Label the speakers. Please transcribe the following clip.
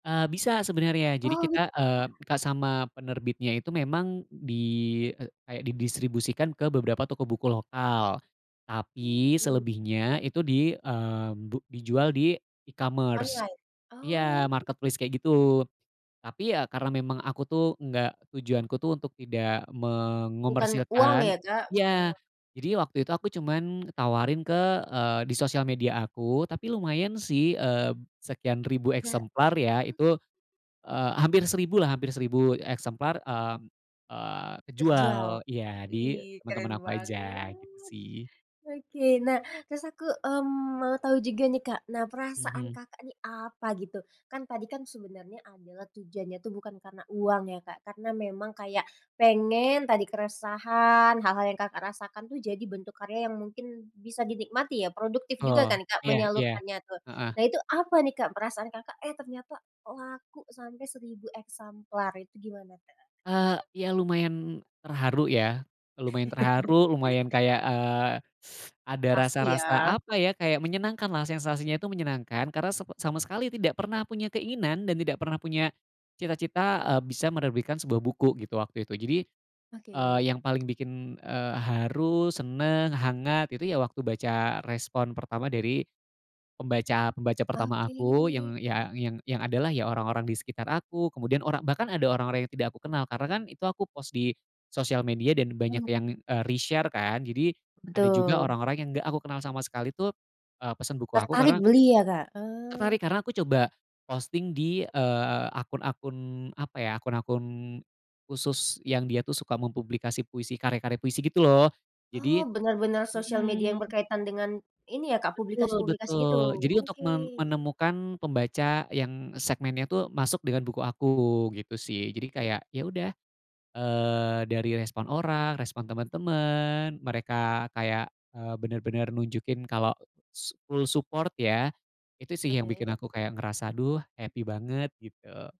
Speaker 1: Ah bisa sebenarnya jadi
Speaker 2: Oh gitu
Speaker 1: kita, eee,
Speaker 2: ya.
Speaker 1: minta sama penerbitnya itu memang di, eee, kayak di distribusikan ke beberapa toko buku lokal,
Speaker 2: Oke,
Speaker 1: tapi
Speaker 2: ini. [unintelligible]
Speaker 1: selebihnya itu di, eee, bu dijual di e-commerce
Speaker 2: Online,
Speaker 1: iya
Speaker 2: oh.
Speaker 1: marketplace kayak gitu. Tapi ya karena memang aku tuh, enggak tujuan ku tuh untuk tidak
Speaker 2: Bukan uang
Speaker 1: mengomersilkan
Speaker 2: ya, Kak, eee
Speaker 1: iya. Jadi waktu itu aku cuman tawarin ke, eee, di sosial media aku, tapi lumayan sih, eee, sekian ribu
Speaker 2: Iya, heeh.
Speaker 1: eksemplar ya itu, eee, hampir 1000 lah, hampir 1000 eksemplar, eee eee,
Speaker 2: Terjual.
Speaker 1: kejual, iya di
Speaker 2: Wih
Speaker 1: teman
Speaker 2: keren
Speaker 1: teman aku
Speaker 2: banget.
Speaker 1: aja gitu sih.
Speaker 2: Oke, nah terus aku, mmm, mau tahu juga nih, Kak. Nah, perasaan
Speaker 1: Mhm.
Speaker 2: Kakak, ini apa gitu kan? Tadi kan sebenarnya adalah tujuannya tuh bukan karena uang ya, Kak, karena memang kayak pengen tadi keresahan, hal hal yang, Kakak rasakan tuh, jadi bentuk karya yang mungkin bisa dinikmati ya. Produktif juga
Speaker 1: Oh,
Speaker 2: kan, Kak,
Speaker 1: iya, iya.
Speaker 2: menyalurkannya tuh.
Speaker 1: Heeh.
Speaker 2: Nah, itu apa nih, Kak, perasaan Kakak, eh ternyata kok laku sampai 1000 eksemplar itu gimana, Kak?
Speaker 1: Eee, iya lumayan terharu ya. Lumayan terharu, lumayan kayak, eee, ada
Speaker 2: Pasti
Speaker 1: rasa rasa
Speaker 2: ya.
Speaker 1: apa ya, kayak menyenangkan lah. Sensasinya itu menyenangkan karena sepe sama sekali tidak pernah punya keinginan dan tidak pernah punya cita cita, eee, bisa menerbitkan sebuah buku gitu waktu itu. Jadi, eee,
Speaker 2: Oke.
Speaker 1: yang paling bikin, eee, haru, seneng, hangat, itu ya waktu baca respon pertama dari pembaca-pembaca pertama
Speaker 2: Oke.
Speaker 1: aku yang, iya, yang yang adalah ya orang orang di sekitar aku. Kemudian orang bahkan ada orang orang yang tidak aku kenal karena kan itu aku post di sosial media dan banyak
Speaker 2: Oh.
Speaker 1: yang, eee, reshare kan. Jadi ada juga
Speaker 2: Betul.
Speaker 1: orang orang yang enggak aku kenal sama sekali tuh, eee, pesen buku aku
Speaker 2: Tertarik
Speaker 1: karena
Speaker 2: beli ya, Kak? Eee.
Speaker 1: Tertarik karena aku coba posting di, eee, akun-akun apa ya, akun-akun khusus yang dia tuh suka mempublikasi puisi, karya karya puisi gitu loh,
Speaker 2: Oh,
Speaker 1: jadi
Speaker 2: bener bener sosial media yang
Speaker 1: mhm.
Speaker 2: berkaitan dengan ini ya, Kak,
Speaker 1: Betul,
Speaker 2: publikasi publikasi
Speaker 1: betul.
Speaker 2: gitu.
Speaker 1: Jadi untuk
Speaker 2: Oke.
Speaker 1: mem menemukan pembaca yang segmennya tuh masuk dengan buku aku gitu sih. Jadi
Speaker 2: [unintelligible]
Speaker 1: kayak ya udah. Eee, dari respon orang, respon temen temen mereka kayak, eee, bener bener nunjukin kalau s full support ya. Itu sih yang
Speaker 2: Oke.
Speaker 1: bikin aku kayak ngerasa, "Duh happy banget," gitu.